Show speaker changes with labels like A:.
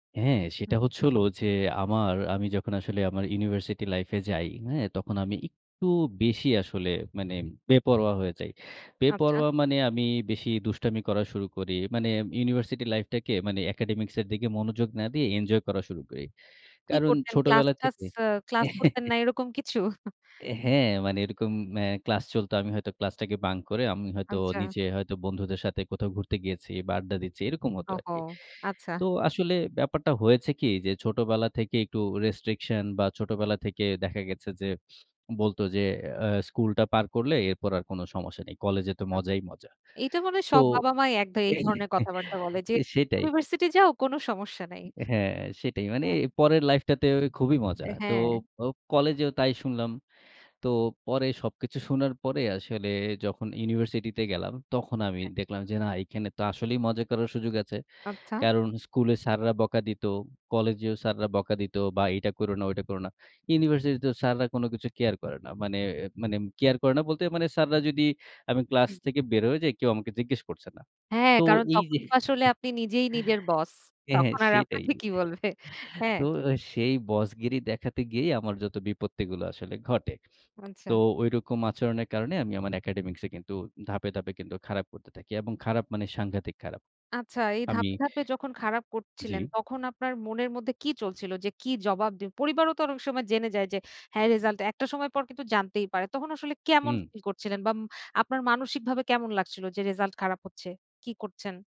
A: হ্যাঁ,
B: হু।
A: সেটা হচ্ছে হলো যে, আমার আমি যখন আসলে আমার ইউনিভার্সিটি লাইফ এ যাই হ্যাঁ? তখন আমি একটু বেশি আসলে মানে বেপরোয়া হয়ে যাই।
B: আচ্ছা।
A: বেপরোয়া মানে আমি বেশি দুষ্টামি করা শুরু করি। মানে ইউনিভার্সিটি লাইফ টাকে মানে একাডেমিকস এর দিকে মনোযোগ না দিয়ে, এনজয় করা শুরু করি।
B: কি
A: কারণ
B: করতেন,
A: ছোটবেলা
B: ক্লাস-টাস
A: থেকে
B: এ ক্লাস করতেন না এরকম কিছু?
A: এ হ্যাঁ, মানে এরকম অ্যা ক্লাস চলত। আমি হয়তো ক্লাসটাকে বাঙ্ক করে, আমি হয়তো
B: আচ্ছা।
A: নিচে হয়তো বন্ধুদের সাথে কোথাও ঘুরতে গিয়েছি বা আড্ডা দিচ্ছি এরকম হতো
B: ওহহো!
A: আরকি।
B: আচ্ছা।
A: তো আসলে ব্যাপারটা হয়েছে কি যে, ছোটবেলা থেকে একটু রেস্ট্রিকশন বা ছোটবেলা থেকে দেখা গেছে যে বলত যে, অ্যা "স্কুলটা পার করলে এরপর আর কোনো সমস্যা নেই। কলেজে তো
B: আ
A: মজাই মজা।"
B: এইটা মনে হয়
A: তো
B: সব বাবা-মাই এক এই ধরনের কথাবার্তা বলে যে,
A: সেটাই।
B: "ইউনিভার্সিটি যাও কোন সমস্যা নাই।"
A: হ্যাঁ, সেটাই। মানে
B: হ্যাঁ।
A: পরের লাইফটাতে খুবই মজা।
B: এ
A: তো
B: হ্যাঁ।
A: ও কলেজেও তাই শুনলাম। তো পরে সবকিছু শোনার পরে আসলে যখন ইউনিভার্সিটিতে গেলাম, তখন আমি
B: হ্যাঁ।
A: দেখলাম যে, "না, এইখানে তো আসলেই মজা করার সুযোগ আছে।"
B: আচ্ছা।
A: কারণ স্কুলে স্যাররা বকা দিত, কলেজেও স্যাররা বকা দিত বা "এটা করো না ঐটা করো না।" ইউনিভার্সিটিতেও স্যাররা কোনো কিছু কেয়ার করে না। মানে, মানে কেয়ার করে না বলতে মানে, স্যাররা যদি, আমি ক্লাস
B: হুম।
A: থেকে বের হয়ে যাই, কেউ আমাকে জিজ্ঞেস করছে না।
B: হ্যাঁ,
A: তো
B: কারণ
A: এই
B: তখন
A: যে
B: তো আসলে আপনি নিজেই নিজের বস।
A: হ্যাঁ,
B: তখন আর
A: সেটাই।
B: আপনাকে কি বলবে? হ্যাঁ।
A: তো সেই বসগিরি দেখাতে গিয়েই আমার যত বিপত্তিগুলো আসলে ঘটে। তো
B: আচ্ছা।
A: ঐরকম আচরণের কারণে আমি আমার একাডেমিকস এ কিন্তু ধাপে, ধাপে কিন্তু খারাপ করতে থাকি এবং খারাপ মানে সাংঘাতিক খারাপ।
B: আচ্ছা, এই
A: আমি
B: ধাপে, ধাপে যখন খারাপ করছিলেন
A: জ্বি।
B: তখন আপনার মনের মধ্যে কি চলছিল যে, "কি জবাব দিব?" পরিবারও তো অনেক সময় জেনে যায় যে, হ্যাঁ রেজাল্ট, একটা সময় পর কিন্তু জানতেই পারে। তখন আসলে কেমন
A: হুম।
B: ফিল করছিলেন বা ম আপনার মানসিকভাবে কেমন লাগছিল যে, রেসাল্ট খারাপ হচ্ছে? কি করছেন?